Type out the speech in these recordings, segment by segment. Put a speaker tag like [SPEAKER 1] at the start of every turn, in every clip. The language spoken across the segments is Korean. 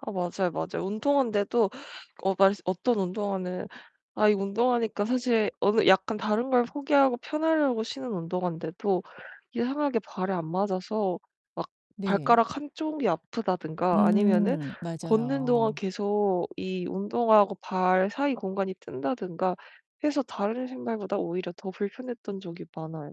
[SPEAKER 1] 아 맞아요, 맞아요. 운동화인데도 어 말 어떤 운동화는 아 이 운동화니까 사실 어느 약간 다른걸 포기하고 편하려고 신는 운동화인데도 이상하게 발에 안 맞아서 막
[SPEAKER 2] 네.
[SPEAKER 1] 발가락 한쪽이 아프다든가 아니면은
[SPEAKER 2] 음,
[SPEAKER 1] 걷는 동안
[SPEAKER 2] 맞아요.
[SPEAKER 1] 계속 이 운동화하고 발 사이 공간이 뜬다든가 해서 다른 신발보다 오히려 더 불편했던 적이 많아요.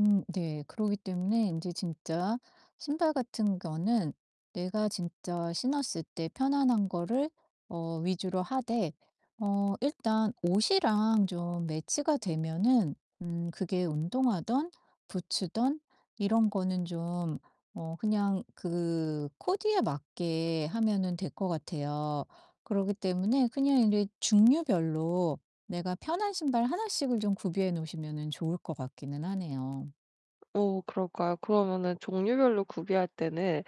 [SPEAKER 2] 음 네. 그러기 때문에 이제 진짜 신발 같은 거는 내가 진짜 신었을때 편안한 거를 어 위주로 하되 어 일단 옷이랑 좀 매치가 되면은 음 그게 운동하든 부츠든 이런 거는 좀 어 그냥 그 코디에 맞게 하면은 될 것 같아요. 그러기 때문에 그냥 이제 종류별로 내가 편한 신발 1 씩을 좀 구비해 놓으시면은 좋을 것 같기는 하네요.
[SPEAKER 1] 어 그럴까요? 그러면은 종류별로 구비할 때는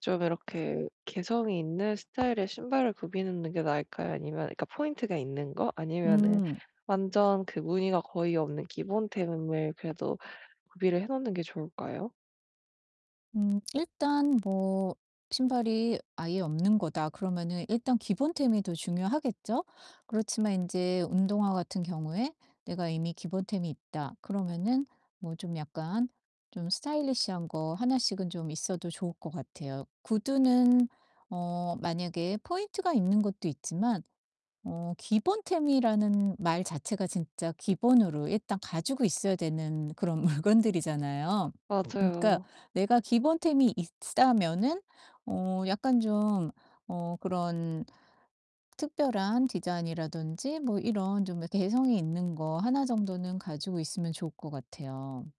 [SPEAKER 1] 좀 이렇게 개성이 있는 스타일의 신발을 구비해 놓는 게 나을까요? 아니면 그러니까 포인트가 있는 거? 아니면은
[SPEAKER 2] 음.
[SPEAKER 1] 완전 그 무늬가 거의 없는 기본템을 그래도 구비를 해 놓는 게 좋을까요?
[SPEAKER 2] 음 일단 뭐 신발이 '아예 없는거다.' 그러면은 일단 기본템이 더 중요하겠죠? 그렇지만 인제 운동화 같은 경우에 '내가 이미 기본템이 있다.' 그러면은 뭐 좀 약간 좀 스타일리시한 거 1 씩은 좀 있어도 좋을 것 같아요. 구두는 어 만약에 포인트가 있는 것도 있지만 어 기본템이라는 말 자체가 진짜 기본으로 일단 가지고 있어야 되는 그런 물건들이잖아요. 그러니까
[SPEAKER 1] 맞아요.
[SPEAKER 2] 내가 기본템이 있다면은 어 약간 좀 어 그런 특별한 디자인이라든지 뭐 이런 좀 개성이 있는 거 1 정도는 가지고 있으면 좋을 것 같아요.